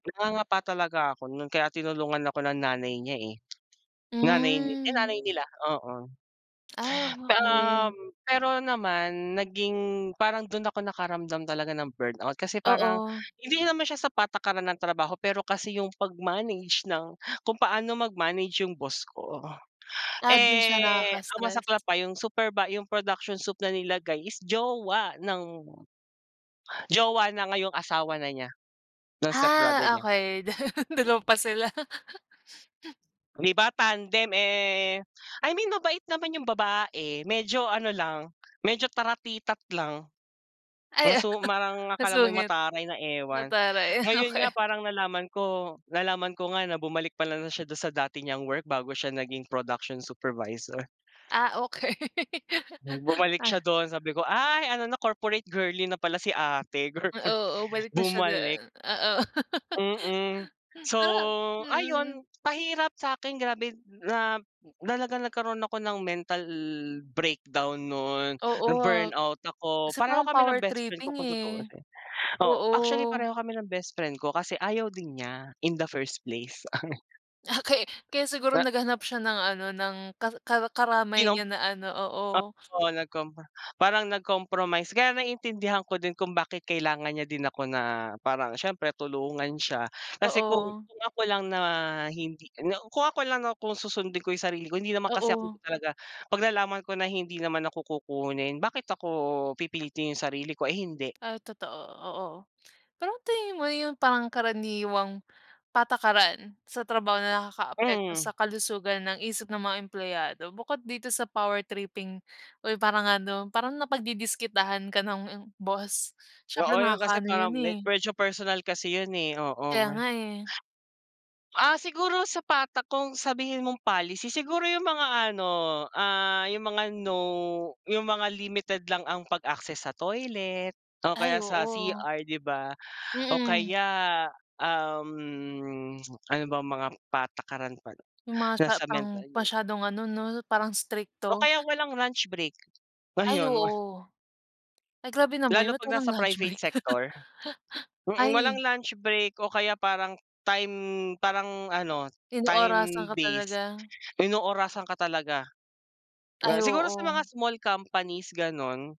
Nangangapa talaga ako no'n, kaya tinulungan ako ng nanay niya, eh, nanay ni yung Hmm. nanay nila, oo. Ay oo nga, Ta we um, pero naman naging, parang do'n ako nakaramdam talaga ng burnout kasi parang, Oo. hindi naman siya sa patakaran ng trabaho, pero kasi 'yong pag-manage ng kung paano mag-manage 'yong boss ko. Ah, do'n siya Eh, ang nakaka-stress. masaklap pa, 'yong supervi 'yong production sup na nila is jowa ng jowa, na ngayong asawa na niya, ng stepbrother Ah, niya. okay. Da Dalawa pa sila. 'Di ba, tandem. Eh, I mean, mabait naman 'yong babae, medyo ano lang, medyo taratitat lang. Ay. Masu parang akala mo'y Masungit. mataray na ewan. Mataray, eh, Ngayon nga okay. parang nalaman ko, nalaman ko nga, na bumalik pala na siya do'n sa dati niyang work bago siya naging production supervisor. Ah, okay. Bu Bumalik Ay. siya doon. Sabi ko, "Ay ano na, corporate girly na pala si ate." Corpor Oo. O balik na siya do bumalik. oo. Mm. So, Pero, ah mm. ayun, pahirap sa'kin, grabe n na, talagang nagkaroon ako ng mental breakdown no'n, Oo, ah. na-burnout ako. Kasi Pareho parang kami ng power bestfriend ko tripping, kung eh. tutuusin. Oo, Oo. actually pareho kami ng bestfriend ko kasi ayaw din niya, in the first place. Ah, kaya kaya siguro Na naghanap siya ng ano, ng ka ka 'Di karamay nam niya na ano, ap oo. oo, nag-compro parang nag-compromise. Kaya naiintindihan ko din kung bakit kailangan niya din ako na, parang siyempre tulungan siya. Kasi kung Oo. kung ako lang na hindi na kung ako lang, 'no, kung susundin ko 'yong sarili ko, hindi naman kasi ako Oo. talaga. Pag nalaman ko na hindi naman ako kukunin, bakit ako, pipilitin 'yong sarili ko, ay hindi. Ah, totoo, oo. Pero tingin mo 'yong parang karaniwang, patakaran sa trabaho na nakakaapekto sa Mm. kalusugan ng isip ng mga empleyado. Bukod dito sa power tripping o 'yong parang ano, parang napagdidiskitahan ka ng boss, siyempre Oo, 'yon kasi nakakaano 'yon, parang me eh. medyo personal kasi 'yon, eh, oo. Kaya Mer nga, eh. Ah, siguro sa pata kung sabihin mong policy, siguro 'yong mga ano, ah, 'yong mga, no. 'Yong mga limited lang ang pag-access sa toilet o Ay, kaya sa oo. CR, 'di ba, o Mm. kaya, um, ano bang mga patakaran pa, 'no, 'Yong masya nasa parang, mental 'yo masyadong ano, 'no, parang O, strikto. kaya walang lunch break. Ay Ayon wa oo. Ay grabe naman 'yon, Lalo ba't pag walang nasa lunch private break. sector. Mm, walang Ay. lunch break o kaya parang, time parang ano, Inoorasan time ka based, talaga. inoorasan ka talaga. Ay Ga siguro sa oo. mga small companies, gano'n.